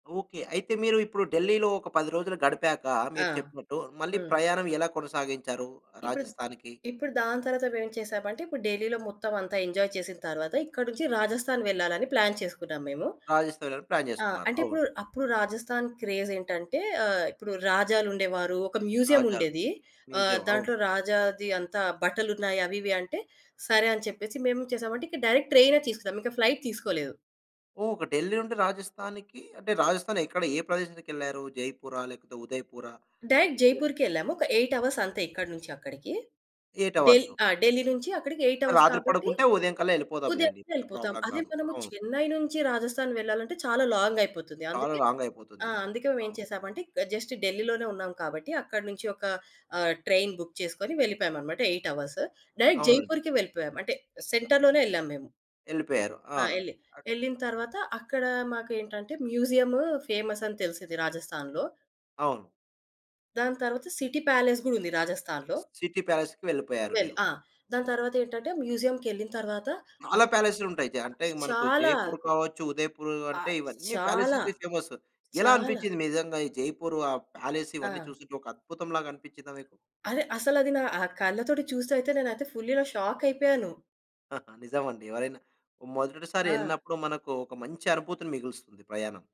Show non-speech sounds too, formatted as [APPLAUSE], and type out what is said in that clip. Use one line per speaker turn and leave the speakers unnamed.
Okay. అయితే, మీరు ఇప్పుడు ఢిల్లీలో ఒక 10 రోజులు గడిపాకా,
ఆ!
మీరు చెప్పినట్టు మళ్ళీ
హ్మ్.
ప్రయాణం ఎలా కొనసాగించారు
ఇప్పుడు ద్
రాజస్థాన్‌కి?
ఇప్పుడు దాని తర్వాత మేవేం చేశామంటే, ఇప్పుడు ఢిల్లీలో మొత్తవంతా ఎంజాయ్ చేసిన తర్వాత ఇక్కడి నుంచి రాజస్థాన్ వెళ్ళాలని ప్లాన్ చేసుకున్నాం మేము.
రాజస్థానెళ్ళాలని ప్లాన్
ఆ!
జేసుకున్నారు.
అంటే,
అవును.
ఇప్పుడు అప్పుడు రాజస్థాన్ క్రేజేంటంటే ఆహ్, ఇప్పుడు రాజాలుండేవారు, ఒక
రాజాల
మ్యూజియముండేది, ఆహ్,
మ్యూజియం. అవును.
దాంట్లో రాజాది అంతా బట్టలున్నాయి అవి ఇవి అంటే, సరే అని చెప్పేసి మేమేం చేశామంటే, ఇక డైరెక్ట్ ట్రైనే తీసుకున్నాం. ఇంక ఫ్లైట్ తీసుకోలేదు.
ఓహ్! ఒక ఢిల్లీ నుండి రాజస్థానికీ అంటే, రాజస్థాన్ ఎక్కడ ఏ ప్రదేశానికెళ్లారు? జైపురా, లేకపోతే ఉదయపూరా?
Direct
J
జైపూర్‌కే యెళ్ళాము. ఒక 8 అవర్స్ అంతే ఇక్కడ నుంచి అక్కడికీ.
8
ఢె‌ల్
అవర్స్.
ఆ! ఢిల్లీ నుంచీ అక్కడికి 8
ఆ!
అవర్స్
రాత్రి
కాబట్టీ,
పడుకుంటే ఉదయంకల్లా ఎళ్ళిపోదాంలేండి.
ఉదయమే
పెద్ద
వెళ్ళిపోతాం.
ప్రాబ్లమ్
అదే
గాదు.
మనము
అవును.
చెన్నై నుంచి రాజస్థాన్ వెళ్ళాలంటే చాలా లాంగయిపోతుంది.
చాలా
అందుకే
లాంగయిపోతుంది.
ఆ! అందుకే మేమేం
అవును.
చేశామంటే, ఇక జస్ట్ ఢిల్లీ‌లోనే ఉన్నాం కాబట్టి, అక్కడి నుంచి ఒకా ఆహ్, ట్రైన్ బుక్ చేసుకొని వెళ్ళిపోయామనమాట 8 అవర్స్. డైరెక్ట్
అవునండి.
జైపూర్‌కే వెళ్ళిపోయాం. అంటే, సెంటర్‌లోనే యెళ్ళాము మేము.
యెళ్ళిపోయారు. ఆ!
ఆ! యెళ్ళి,
అక్
యెళ్ళిన తర్వాత, అక్కడా మాకేంటంటే, మ్యూజియమూ ఫేమసని తెలిసింది రాజస్థాన్‌లో.
అవును.
దాని తర్వాత సిటీ ప్యాలెస్ గూడుంది రాజస్థాన్‌లో.
స్ సిటీ ప్యాలెస్‌కి వెళ్ళిపోయారు
వెళ్ళి
మీరు.
ఆ! దాని తర్వాతేంటంటే, మ్యూజియం‌కెళ్ళిన తరవాత
చాలా
అక్
ప్యాలెసులుంటయి. జా
ఆ!
అంటే, మనకు
చాలా.
జైపూర్ కావచ్చు, ఉదయపూరూ
ఆ!
అంటే, ఇవన్నీ
చాలా.
ప్యాలెసితే ఫేమస్. ఎలా
చాలా.
అనిపిచ్చింది నిజంగా ఈ జైపూరు, ఆ ప్యాలెస్, ఇవన్నీ
ఆ!
చూస్తుంటే ఒక అద్భుతంలాగనిపిచ్చిందా మీకు?
అదే. అసలది నా ఆహ్, కళ్ళతోటి చూస్తే అయితే నేనయితే ఫుల్లిలా షాకయిపోయాను.
[GIGGLES] నిజమండి. ఎవరైనా మొదటిసారి
ఆ!
యెళ్ళినప్పుడు మనకూ ఒక మంచి అనుభూతిని మిగులుస్తుంది ప్రయాణం.